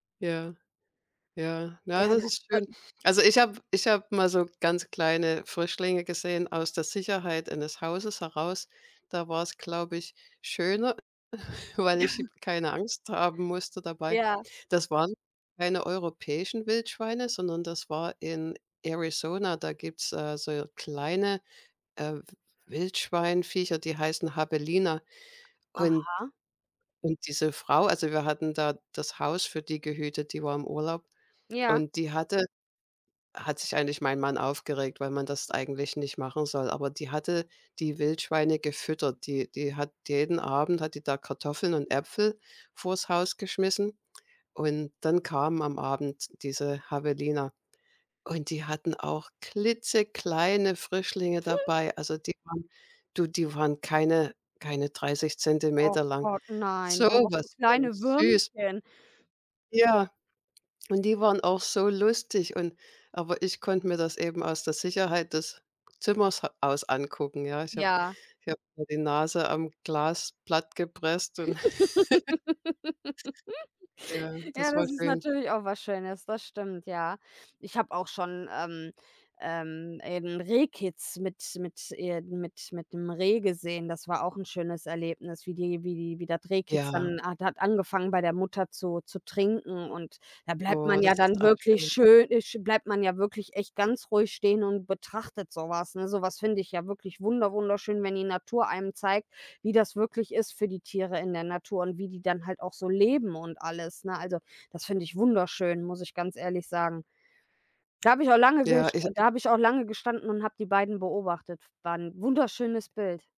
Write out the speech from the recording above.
Ja, ja, na, Ja, das das, ist da schön. Also, ich habe ich habe mal so ganz kleine Frischlinge gesehen aus der Sicherheit eines Hauses heraus. Da war's, glaube ich, schöner, äh, weil ich keine Angst haben musste dabei. Ja. Das waren keine europäischen Wildschweine, sondern das war in Arizona. Da gibt's, äh, so kleine, äh, W W Wildschweinviecher, die heißen Javelina und Aha. und diese Frau also, wir hatten da das Haus für die gehütet, die war im Urlaub, Ja. und die hatte hat sich eigentlich mein Mann aufgeregt, weil man das eigentlich nicht machen soll, aber die hatte die Wildschweine gefüttert. Die die hat jeden Abend hat die da Kartoffeln und Äpfel vors Haus geschmissen und dann kamen am Abend diese Javelina und die hatten auch klitzekleine Frischlinge dabei. Also, die waren du, die waren keine keine dreißig Oh Zentimeter lang. Gott, So nein, und noch so was von kleine süß. Würmchen. Ja, und die waren auch so lustig und aber ich konnte mir das eben aus der Sicherheit des Zimmers aus angucken. Ja, ich habe Ja. ich habe mir die Nase am Glas platt gepresst und Ja, Ja, das war das ist schön. natürlich auch was Schönes. Das stimmt, ja. Ich habe auch schon ähm, ähm, eben Rehkitz mit mit äh, mit mit 'nem Reh gesehen. Das war auch 'n schönes Erlebnis, wie die wie die wie das Rehkitz Ja. dann hat hat angefangen, bei der Mutter zu zu trinken, und da bleibt Oh, man ja das ist dann auch wirklich schön. schön, äh, sch bleibt man ja wirklich echt ganz ruhig stehen und betrachtet so was, ne? So was finde ich ja wirklich wunder-wunderschön, wenn die Natur einem zeigt, wie das wirklich ist für die Tiere in der Natur und wie die dann halt auch so leben und alles, ne? Also, das finde ich wunderschön, muss ich ganz ehrlich sagen. Da habe ich auch lange Ja, gest ich habe da habe ich auch lange gestanden und habe die beiden beobachtet. F War 'n wunderschönes Bild.